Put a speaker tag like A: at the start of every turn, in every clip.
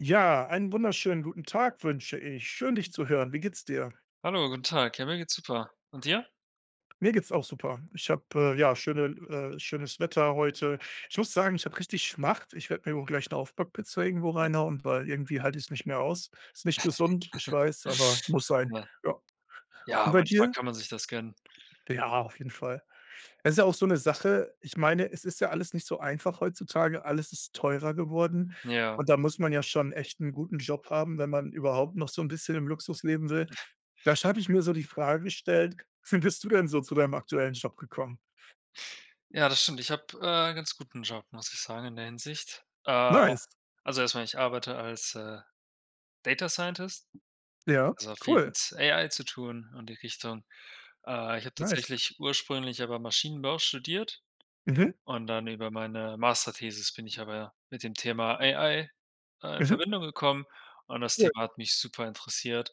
A: Ja. Einen wunderschönen guten Tag, wünsche ich. Schön, dich zu hören. Wie geht's dir?
B: Hallo, guten Tag. Ja, mir geht's super. Und dir?
A: Mir geht's auch super. Ich habe, äh ja, schöne l äh, schönes Wetter heute. Ich muss sagen, ich habe richtig Schmacht. Ich werde wohl mir auch gleich 'ne Aufbackpizza irgendwo
B: Ja.
A: reinhauen, weil irgendwie halte ich es nicht mehr aus. Ist nicht gesund. Ich weiß, aber muss sein.
B: Ja.
A: Ja. Und
B: Ja,
A: bei
B: manchmal
A: dir?
B: kann man sich das gönnen.
A: Ja, auf jeden Fall. Es ist ja auch so
B: [unintelligible]
A: 'ne Sache. Ich meine, es ist ja alles nicht so einfach heutzutage. Alles ist teurer geworden.
B: Ja.
A: Und da muss man ja schon echt 'n guten Job haben, wenn man überhaupt noch so 'n bisschen im Luxus leben will. Da sch hatte ich mir so die Frage gestellt: „Wie bist du denn so zu deinem aktuellen Job gekommen?“
B: Ja, das stimmt. Ich habe, äh, 'n ganz guten Job, muss ich sagen, in der Hinsicht. Äh.
A: Nice.
B: Also, erstmal, ich arbeite als, äh, Data-Scientist.
A: Ja,
B: Also viel
A: cool.
B: mit AI zu tun und die Richtung. Äh, ich habe
A: Nice.
B: tatsächlich ursprünglich aber Maschinenbau studiert.
A: Mhm.
B: Und dann über meine Masterthesis bin ich aber mit dem Thema AI, äh, in
A: Mhm.
B: Verbindung gekommen und das
A: Cool.
B: Thema hat mich super interessiert,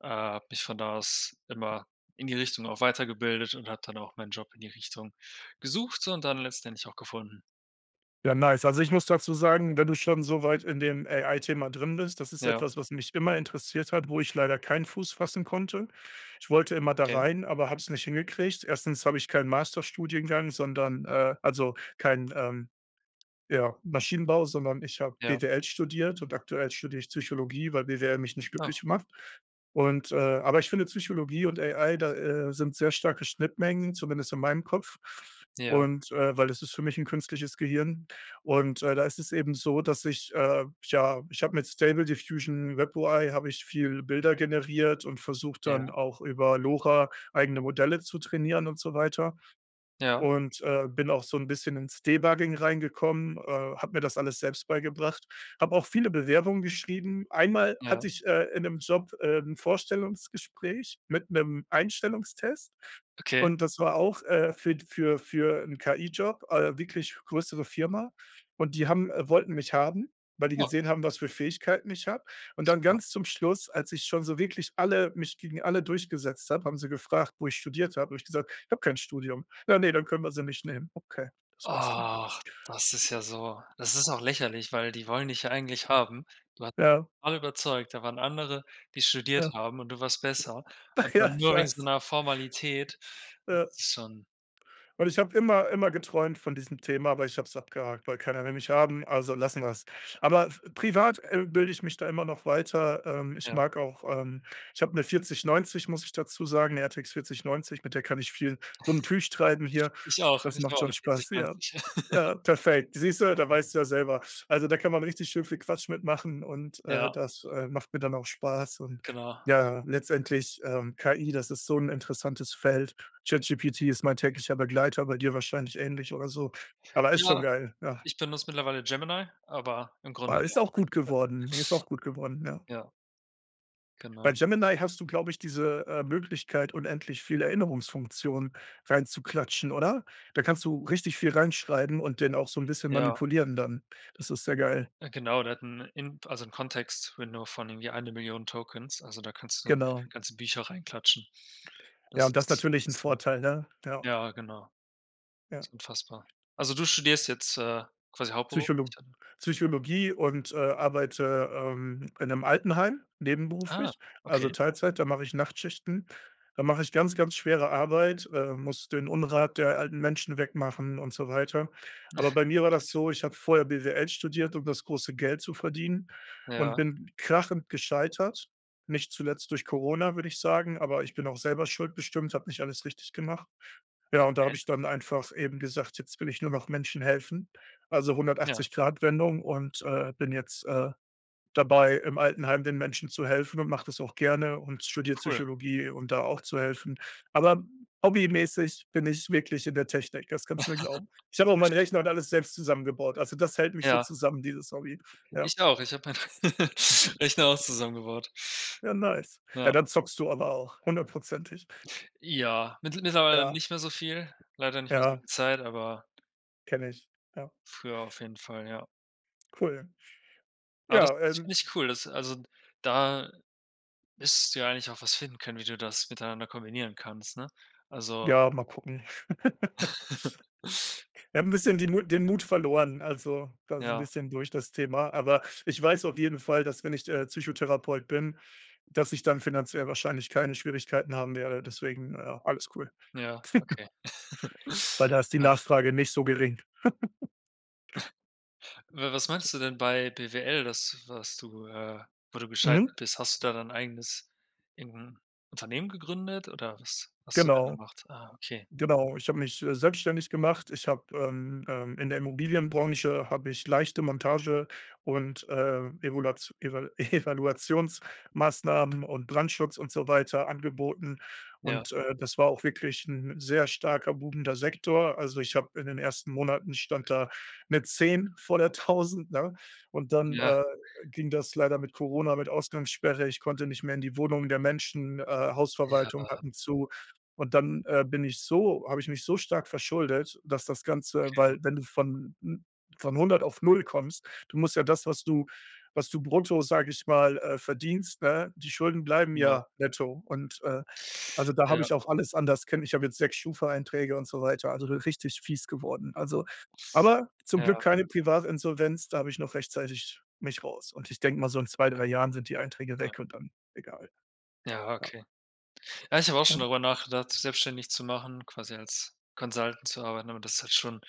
B: äh, habe mich von da aus immer in die Richtung auch weitergebildet und habe dann auch meinen Job in die Richtung gesucht und dann letztendlich auch gefunden.
A: Ja, nice. Also, ich muss dazu sagen, wenn du schon so weit in dem AI-Thema drin bist. Das ist
B: Ja.
A: etwas, was mich immer interessiert hat, wo ich leider keinen Fuß fassen konnte. Ich wollte immer da
B: Okay.
A: rein, aber habe es nicht hingekriegt. Erstens habe ich keinen Masterstudiengang, sondern, äh also kein, ähm, ja, Maschinenbau, sondern ich habe
B: Ja.
A: BWL studiert. Und aktuell studiere ich Psychologie, weil BWL mich nicht
B: Oh.
A: glücklich macht. Und, äh aber ich finde, Psychologie und AI da, äh, sind sehr starke Schnittmengen, zumindest in meinem Kopf.
B: Ja.
A: Und, äh weil das ist für mich 'n künstliches Gehirn. Und, äh, da ist es eben so, dass ich, äh ja, ich habe mit Stable Diffusion WebUI habe ich viel Bilder generiert und versucht, dann
B: Ja.
A: auch über LoRa eigene Modelle zu trainieren und so weiter.
B: Ja.
A: Und, äh, bin auch so 'n bisschen ins Debugging reingekommen, äh, habe mir das alles selbst beigebracht, habe auch viele Bewerbungen geschrieben. Einmal
B: Ja.
A: hatte ich, äh, in 'nem Job, ähm, 'n Vorstellungsgespräch mit 'nem Einstellungstest.
B: Okay.
A: Und das war auch, äh, für für für 'n KI-Job, äh wirklich größere Firma. Und die haben, äh wollten mich haben, weil die
B: Oh.
A: gesehen haben, was für Fähigkeiten ich habe. Und dann
B: [unintelligible]
A: ganz zum Schluss, als ich schon so wirklich alle mich gegen alle durchgesetzt habe, haben sie gefragt, wo ich studiert habe. Da habe ich gesagt: „Ich habe kein Studium.“ „Ja, ne, dann können wir Sie nicht nehmen.“ Okay, das war's dann.
B: Ach, das ist ja so Das ist doch lächerlich, weil die wollen dich ja eigentlich haben. Du hast
A: Ja.
B: alle überzeugt, da waren andere, die studiert
A: Ja.
B: haben, und du warst besser. Und dann
A: Ja, ich
B: nur wegen so
A: weiß.
B: einer Formalität, das
A: Ja.
B: ist schon
A: Und ich habe immer immer geträumt von diesem Thema. Aber ich habe es abgehakt, weil keiner will mich haben. Also lassen wir es. Aber privat, äh, bilde ich mich da immer noch weiter, ähm. Ich
B: Ja.
A: mag auch, ähm ich habe 'ne 4090, muss ich dazu sagen, 'ne RTX 4090. Mit der kann ich viel so 'n Tüch treiben hier.
B: Ich auch,
A: Das
B: ich
A: macht
B: auch
A: schon
B: 'ne
A: Spaß. Ja.
B: 4090.
A: Ja, perfekt. Siehst du? Da weißt du ja selber also, da kann man richtig schön viel Quatsch mit machen. Und, äh,
B: Ja.
A: das, äh, macht mir dann auch Spaß. Und,
B: Genau.
A: ja, letztendlich ähm, KI das ist so 'n interessantes Feld. ChatGPT ist mein täglicher Begleiter, bei dir wahrscheinlich ähnlich oder so, aber ist schon
B: Ja,
A: geil. Ja.
B: ich benutze mittlerweile Gemini, aber im
A: Ah,
B: Grunde ja.
A: ist auch gut
B: [unintelligible]
A: geworden. Ne, ist auch gut geworden. Ja.
B: Ja.
A: Bei
B: Genau.
A: Gemini hast du glaube ich diese, äh, Möglichkeit, unendlich viele Erinnerungsfunktionen reinzuklatschen oder? Da kannst du richtig viel reinschreiben und den auch so 'n bisschen
B: Ja.
A: manipulieren dann. Das ist sehr geil.
B: Äh, genau, der hat 'n In also 'n Context Window von irgendwie eine Million Tokens. Also da kannst du
A: Genau.
B: ganze Bücher reinklatschen.
A: Ja,
B: Das
A: und das ist
B: ist
A: natürlich 'n
B: extrem.
A: Vorteil, ne? Ja.
B: Ja, genau. Das
A: Ja.
B: ist unfassbar. Also du studierst jetzt, äh, quasi hauptberuflich
A: Psycholo
B: oder?
A: Psychologie und, äh, arbeite, ähm, in 'nem Altenheim.
B: Ah,
A: Nebenberuflich, also
B: okay.
A: Teilzeit. Da mache ich Nachtschichten. Da mache ich ganz, ganz schwere Arbeit, äh, muss den Unrat der alten Menschen wegmachen und so weiter. Aber bei mir war das so, ich habe vorher BWL studiert, um das große Geld zu verdienen und
B: Ja.
A: bin krachend gescheitert. Nicht zuletzt durch Corona, würde ich sagen, aber ich bin auch selber schuld bestimmt. Habe nicht alles richtig gemacht. Ja, und da
B: Okay.
A: habe ich dann einfach eben gesagt: „Jetzt will ich nur noch Menschen helfen.“ Also
B: Ja.
A: 180-Grad-Wendung und, äh, bin jetzt, äh, dabei im Altenheim den Menschen zu helfen und mache das auch gerne und studiere
B: Cool.
A: Psychologie um da auch zu helfen. Aber hobbymäßig bin ich wirklich in der Technik. Das kannst du mir glauben. Ich habe auch meinen Rechner und alles selbst zusammengebaut. Also, das hält mich so
B: Ja.
A: zusammen, dieses Hobby, ja.
B: Ich auch, ich habe meinen Rechner auch zusammengebaut.
A: Ja, nice.
B: Ja.
A: Ja, dann zockst du aber auch hundertprozentig.
B: Ja, mittl mittlerweile
A: Ja.
B: nicht mehr so viel, leider nicht mehr so
A: Ja.
B: viel Zeit, aber
A: Kenne ich, ja.
B: Früher auf jeden Fall, ja.
A: Cool.
B: Ja, das
A: Ja,
B: das finde
A: ähm
B: ich cool, das also, da müsstest du ja eigentlich auch was finden können, wie du das miteinander kombinieren kannst, ne? Also
A: Ja, mal gucken. Wir haben 'n bisschen den Mu den Mut verloren. Also, das ist 'n
B: Ja.
A: bisschen durch das Thema. Aber ich weiß auf jeden Fall, dass wenn ich, äh, Psychotherapeut bin, dass ich dann finanziell wahrscheinlich keine Schwierigkeiten haben werde, deswegen, äh, alles cool.
B: Ja, okay.
A: Weil da ist die
B: Äh
A: Nachfrage nicht so gering.
B: W Was meinst du denn bei BWL, dass was du, äh wo du
A: Mhm.
B: gescheitert bist, hast du da dein eigenes irgend 'n Unternehmen gegründet, oder was hast du da
A: Genau.
B: gemacht? Ah, okay.
A: Genau. Ich habe mich, äh, selbstständig gemacht. Ich habe, ähm, ähm in der Immobilienbranche habe ich leichte Montage und, äh, Evulats Eva Evaluationsmaßnahmen und Brandschutz und so weiter angeboten.
B: Ja.
A: Und, äh, das war auch wirklich 'n sehr starker, boomender Sektor. Also, ich habe in den ersten Monaten ich stand da mit 10 vor der 1000, ne? Und dann,
B: Ja.
A: äh, ging das leider mit Corona mit Ausgangssperre, ich konnte nicht mehr in die Wohnungen der Menschen, äh, Hausverwaltungen
B: Ja.
A: hatten zu. Und dann, äh, bin ich so habe ich mich so stark verschuldet, dass das Ganze,
B: Okay.
A: weil wenn du von 'n von 100 auf 0 kommst du musst ja das, was du was du brutto, sage ich mal, äh, verdienst, ne? Die Schulden bleiben
B: Ja.
A: ja netto und, äh, also, da habe
B: Ja.
A: ich auf alles anders. [unintelligible] Ich habe jetzt 6 Schufa-Einträge und so weiter. Also, so richtig fies geworden. Also, aber zum Glück
B: Ja.
A: keine Privatinsolvenz, da habe ich noch rechtzeitig mich raus und ich denke mal so in 2, 3 Jahren sind die Einträge
B: Ja.
A: weg und dann egal.
B: Ja,
A: Ja.
B: okay. Ja, ich habe auch schon
A: Mhm.
B: darüber nachgedacht, selbstständig zu machen, quasi als Consultant zu arbeiten, aber das ist halt schon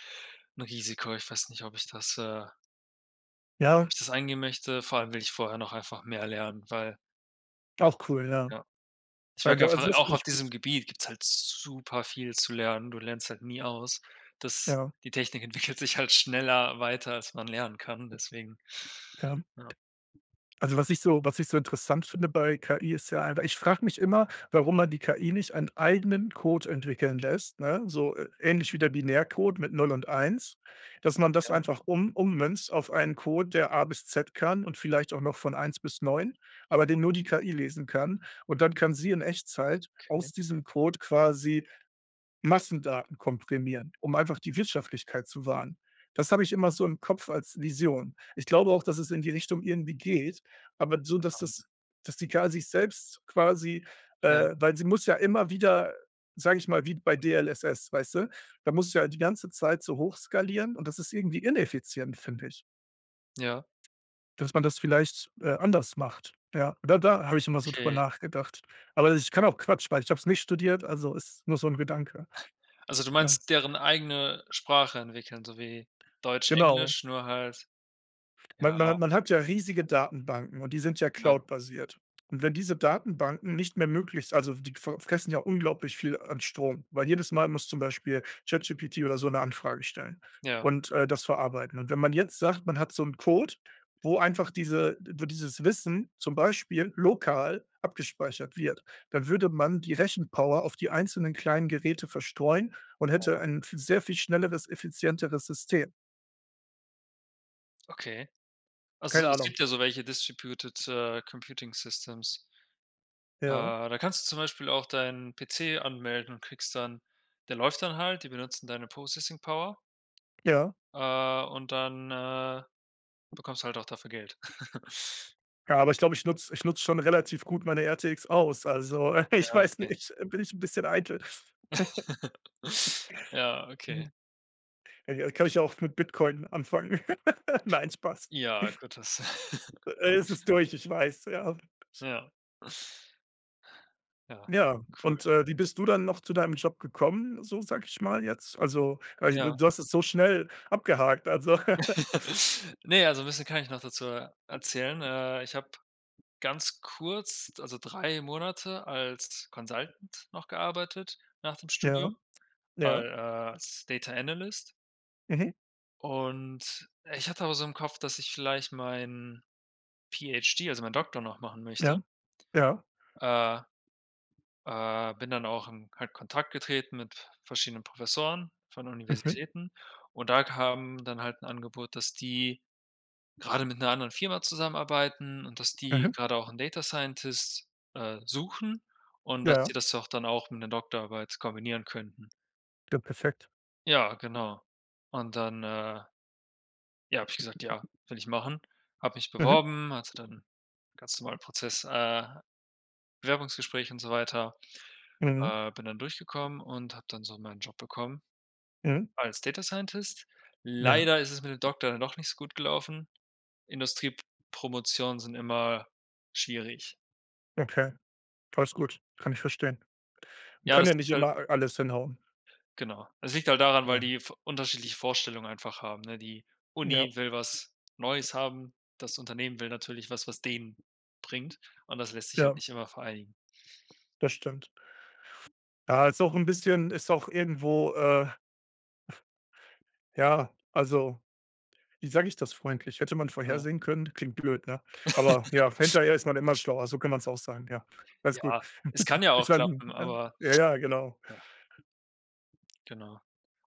B: 'n Risiko. Ich weiß nicht, ob ich das, äh
A: Ja.
B: Ich das eingehen möchte. Vor allem will ich vorher noch einfach mehr lernen, weil
A: Auch cool, ja.
B: Ja. Ich merke
A: Also also
B: einfach
A: das
B: auch
A: finde
B: auf
A: ich gut.
B: diesem Gebiet gibt's halt super viel zu lernen. Du lernst halt nie aus, dass
A: Ja.
B: die Technik entwickelt sich halt schneller weiter, als man lernen kann, deswegen
A: Ja.
B: ja.
A: Also, was ich so was ich so interessant finde bei KI ist ja einfach ich frage mich immer, warum man die KI nicht einen eigenen Code entwickeln lässt, ne? So, ä ähnlich wie der Binärcode mit 0 und 1, dass man das
B: Ja.
A: einfach um ummünzt auf einen Code, der A bis Z kann und vielleicht auch noch von 1 bis 9, aber den nur die KI lesen kann. Und dann kann sie in Echtzeit
B: Okay.
A: aus diesem Code quasi Massendaten komprimieren, um einfach die Wirtschaftlichkeit zu wahren. Das habe ich immer so im Kopf als Vision. Ich glaube auch, dass es in die Richtung irgendwie geht. Aber so, dass
B: Ähm.
A: das dass die K sich selbst quasi,
B: Ja.
A: äh weil sie muss ja immer wieder, sage ich mal wie bei DLSS, weißt du? Da musst du ja die ganze Zeit so hochskalieren. Und das ist irgendwie ineffizient, finde ich.
B: Ja.
A: Dass man das vielleicht, äh, anders macht. Ja, da da habe ich immer so darüber
B: Okay.
A: nachgedacht. Aber ich kann auch Quatsch, weil ich habe es nicht studiert. Also, ist nur so 'n Gedanke.
B: Also du
A: Ja.
B: meinst deren eigene Sprache entwickeln, so wie Deutsch,
A: Genau.
B: Englisch, nur halt
A: Man
B: ja.
A: man hat man hat ja riesige Datenbanken, und die sind ja
B: Ja.
A: cloud-basiert. Und wenn diese Datenbanken nicht mehr möglich also f die fr fressen ja unglaublich viel an Strom, weil jedes Mal muss zum Beispiel ChatGPT oder so 'ne Anfrage stellen
B: Ja.
A: und, äh, das verarbeiten. Und wenn man jetzt sagt, man hat so 'n Code, wo einfach diese wo dieses Wissen zum Beispiel lokal abgespeichert wird, dann würde man die Rechenpower auf die einzelnen kleinen Geräte verstreuen und
B: Äh,
A: hätte
B: ja.
A: ein v sehr viel schnelleres, effizienteres System.
B: Okay. Also,
A: Keine
B: es
A: Ahnung.
B: gibt ja so welche distributed, äh, Computing Systems.
A: Ja.
B: Äh, da kannst du zum Beispiel auch deinen PC anmelden und kriegst dann der läuft dann halt, die benutzen deine Processing Power.
A: Ja.
B: Äh, und dann, äh, bekommst du halt auch dafür Geld.
A: Ja, aber ich glaube, ich nutze ich nutze schon relativ gut meine RTX aus. Also,
B: Ja,
A: ich weiß
B: okay.
A: nicht, bin ich 'n bisschen eitel.
B: Ja, okay.
A: Ja, kann ich ja auch mit Bitcoin anfangen. Nein, Spaß.
B: Ja, gut, das
A: Äh, es ist durch, ich weiß, ja.
B: Ja. Ja,
A: Ja,
B: cool.
A: und, äh, wie bist du dann noch zu deinem Job gekommen, so sage ich mal jetzt? Also, äh,
B: Ja.
A: du hast es so schnell abgehakt, also
B: Ne, also 'n bisschen kann ich noch dazu er erzählen, äh, ich habe ganz kurz, also, 3 Monate als Consultant noch gearbeitet, nach dem
A: Ja,
B: Studium al
A: ja.
B: äh, als Data Analyst.
A: Mhm.
B: Und ich hatte auch so im Kopf, dass ich vielleicht meinen PhD, also meinen Doktor noch machen möchte.
A: Ja, ja.
B: Äh. Äh, bin dann auch in Ko Kontakt getreten mit verschiedenen Professoren von
A: Mhm.
B: Universitäten, und da kam dann halt 'n Angebot, dass die gerade mit 'ner anderen Firma zusammenarbeiten und dass die
A: Mhm.
B: gerade auch 'n Data Scientist, äh, suchen und dass
A: Ja.
B: die das auch dann auch mit 'ner Doktorarbeit kombinieren könnten.
A: D perfekt.
B: Ja, genau. Und dann, äh ja, habe ich gesagt: „Ja, will ich machen.“ Habe mich
A: Mhm.
B: beworben, also dann ganz normalen Prozess, äh Bewerbungsgespräche und so weiter.
A: Mhm.
B: Äh, bin dann durchgekommen und habe dann so meinen Job bekommen,
A: Mhm.
B: als Data-Scientist.
A: Ja.
B: Leider ist es mit dem Doktor dann doch nicht so gut gelaufen, Industriep Promotionen sind immer schwierig.
A: Okay. Alles gut, kann ich verstehen.
B: Ja,
A: Kann
B: das
A: ja nicht
B: liegt halt
A: immer alles hinhauen.
B: Genau. Es liegt halt daran, weil
A: Ja.
B: die v unterschiedliche Vorstellungen einfach haben, ne? Die
A: Ja.
B: Uni will was Neues haben, das Unternehmen will natürlich was, was denen bringt, und das lässt sich halt
A: Ja.
B: nicht immer vereinigen.
A: Das stimmt. Ja, ist auch 'n bisschen ist auch irgendwo, äh Ja. Also, wie sage ich das freundlich? Hätte man
B: Ja.
A: vorhersehen können klingt blöd, ne? Aber ja, hinterher ist man immer schlauer, so kann man es auch sagen, ja. Alles gut.
B: Ja, es kann ja
A: Ich
B: auch
A: meine,
B: klappen,
A: ne
B: aber
A: ja, ja, genau.
B: ja. Genau.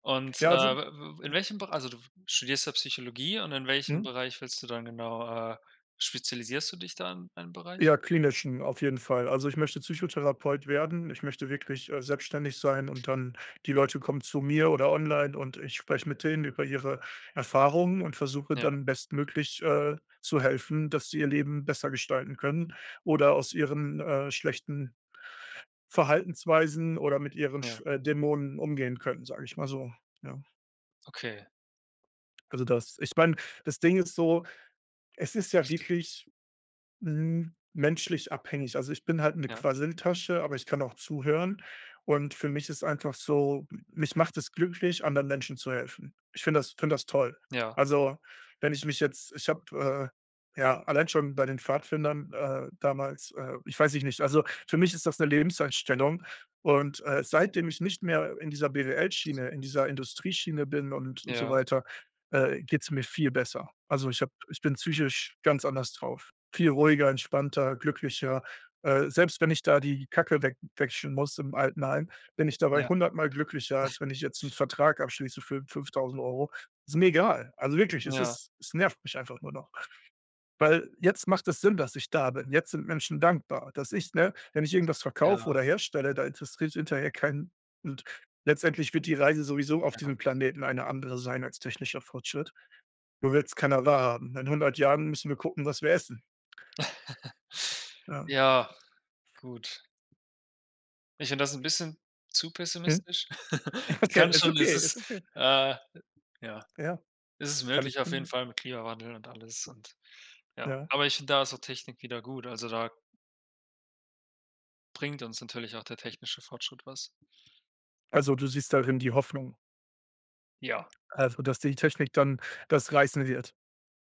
B: Und, äh,
A: Ja, also
B: w w in
A: ja.
B: welchem Be also du studierst ja Psychologie, und in welchem
A: Mhm.
B: Bereich willst du dann genau, äh spezialisierst du dich da in einem Bereich?
A: Ja, klinischen, auf jeden Fall, also, ich möchte Psychotherapeut werden. Ich möchte wirklich, äh, selbstständig sein und dann die Leute kommen zu mir oder online, und ich spreche mit denen über ihre Erfahrungen und versuche
B: Ja.
A: dann bestmöglich, äh, zu helfen, dass sie ihr Leben besser gestalten können oder aus ihren, äh, schlechten Verhaltensweisen oder mit ihren Sch
B: Ja.
A: äh, Dämonen umgehen können, sage ich mal so, ja.
B: Okay.
A: Also das ich meine, das Ding ist so, es ist ja wirklich, hm, menschlich abhängig. Also, ich bin halt 'ne
B: Ja.
A: Quasseltasche, aber ich kann auch zuhören. Und für mich ist einfach so, m mich macht es glücklich, anderen Menschen zu helfen. Ich finde das finde das toll.
B: Ja.
A: Also, wenn ich mich jetzt ich habe, äh, ja, allein schon bei den Pfadfindern, äh, damals, äh ich weiß ich nicht. Also, für mich ist das 'ne Lebenseinstellung. Und, äh, seitdem ich nicht mehr in dieser BWL-Schiene, in dieser Industrieschiene bin und und so
B: Ja.
A: weiter, äh, geht's mir viel besser. Also, ich habe ich bin psychisch ganz anders drauf. Viel ruhiger, entspannter, glücklicher. Äh, selbst, wenn ich da die Kacke we wechseln muss im Altenheim, bin ich dabei
B: Ja.
A: hundertmal glücklicher,
B: Was?
A: als wenn ich jetzt 'n Vertrag abschließe für 5.000€. Ist mir egal. Also wirklich, es
B: Ja.
A: ist es nervt mich einfach nur noch. Weil jetzt macht es Sinn, dass ich da bin. Jetzt sind Menschen dankbar, dass ich ne? Wenn ich irgendetwas verkaufe
B: Ja.
A: oder herstelle, da interessiert hinterher keinen, und letztendlich wird die Reise sowieso auf
B: Ja.
A: diesem Planeten eine andere sein als technischer Fortschritt. Nur will's keiner wahrhaben. In 100 Jahren müssen wir gucken, was wir essen. Ja.
B: Ja, gut. Ich finde das 'n bisschen zu pessimistisch.
A: [unintelligible]
B: Es
A: okay,
B: kann
A: ist
B: schon
A: ok
B: es
A: ist
B: ist,
A: okay.
B: äh, ja
A: Ja.
B: es ist
A: Kann
B: möglich
A: ich
B: auf jeden
A: [unintelligible]
B: Fall mit Klimawandel und alles und, ja.
A: Ja.
B: Aber ich finde da so Technik wieder gut, also da bringt uns natürlich auch der technische Fortschritt was.
A: Also, du siehst darin die Hoffnung?
B: Ja.
A: Also, dass die Technik dann das reißen wird,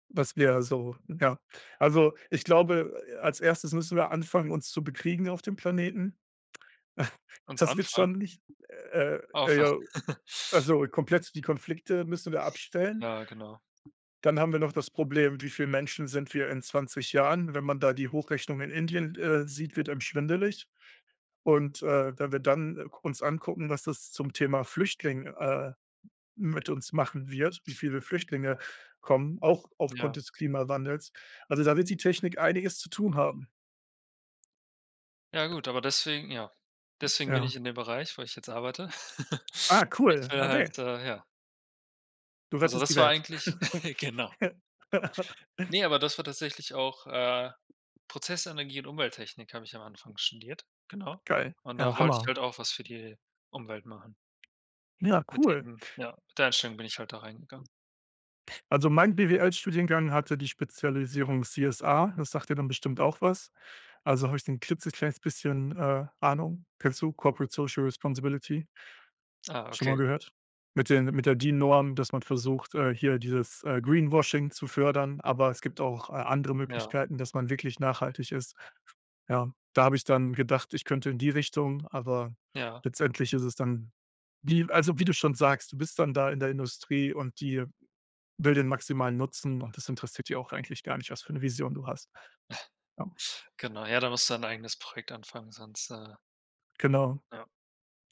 A: was wir so ja. Also, ich glaube, äh, als Erstes müssen wir anfangen, uns zu bekriegen auf dem Planeten.
B: Uns
A: Das wird
B: Anfang?
A: schon nicht äh äh, ja
B: [unintelligible]
A: also komplett die Konflikte müssen wir abstellen.
B: Ja, genau.
A: Dann haben wir noch das Problem: „Wie viele Menschen sind wir in 20 Jahren?“ Wenn man da die Hochrechnung in Indien d äh, sieht, wird einem schwindelig. Und, äh, wenn wir dann, äh, k uns angucken, was das zum Thema Flüchtling, äh, mit uns machen wird wie viele Flüchtlinge kommen, auch aufgrund
B: Ja.
A: des Klimawandels. Also, da wird die Technik einiges zu tun haben.
B: Ja gut, aber deswegen ja. Deswegen bin ich
A: Ja.
B: in dem Bereich, wo ich jetzt arbeite.
A: Ah,
B: Ich
A: cool.
B: will halt,
A: Ade.
B: äh ja.
A: Du
B: Also,
A: rettest die
B: das war
A: Welt.
B: eigentlich genau. Ne, aber das war tatsächlich auch, äh Prozessenergie und Umwelttechnik habe ich am Anfang studiert, genau.
A: Geil.
B: Und da
A: Ja,
B: wollte ich
A: Hammer.
B: halt auch was für die Umwelt machen.
A: Ja,
B: Mit
A: cool.
B: dem ja, mit der Einstellung bin ich halt da reingegangen.
A: Also, mein BWL Studiengang hatte die Spezialisierung CSA, das sagt dir dann bestimmt auch was. Also habe ich da 'n klitzekleines bisschen, äh, Ahnung. Kennst du Corporate Social Responsibility?
B: Ah,
A: Schon mal
B: okay.
A: gehört? Mit den mit der Dean Norm, dass man versucht, äh, hier dieses, äh, Greenwashing zu fördern. Aber es gibt auch, äh, andere
B: Ja.
A: Möglichkeiten, dass man wirklich nachhaltig ist. Ja, da habe ich dann gedacht, ich könnte in die Richtung, aber
B: Ja.
A: letztendlich ist es dann die also, wie du schon sagst, du bist dann da in der Industrie, und die will den maximalen Nutzen, und das interessiert dich auch eigentlich gar nicht, was für 'ne Vision du hast. Ja.
B: Genau, ja, da musst du dein eigenes Projekt anfangen, sonst, äh
A: Genau.
B: Ja.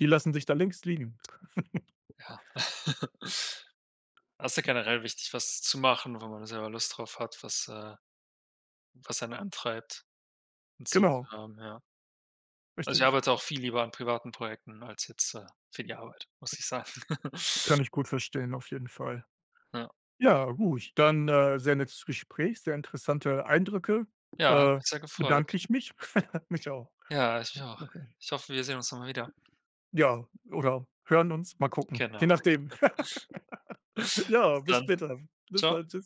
A: Die lassen dich da links liegen.
B: Ja. Das ist ja generell wichtig, was zu machen, wo man selber Lust drauf hat, was, äh, was einen antreibt. 'N Ziel zu
A: Genau.
B: haben, ja. Also, ich
A: Richtig.
B: arbeite auch viel lieber an privaten Projekten als jetzt, äh, für die Arbeit, muss ich sagen.
A: Kann ich gut verstehen, auf jeden Fall.
B: Ja.
A: Ja, gut. Dann, äh, sehr nettes Gespräch, sehr interessante Eindrücke,
B: Ja, hat
A: äh,
B: mich sehr gefreut.
A: bedanke ich mich mich auch.
B: Ja, ich mich auch.
A: Okay.
B: Ich hoffe, wir sehen uns noch mal wieder.
A: Ja, oder hören uns, mal gucken,
B: Genau.
A: je nachdem. Ja,
B: Bis
A: bis
B: dann.
A: später. Bis
B: Tschau.
A: dann. Tschüss.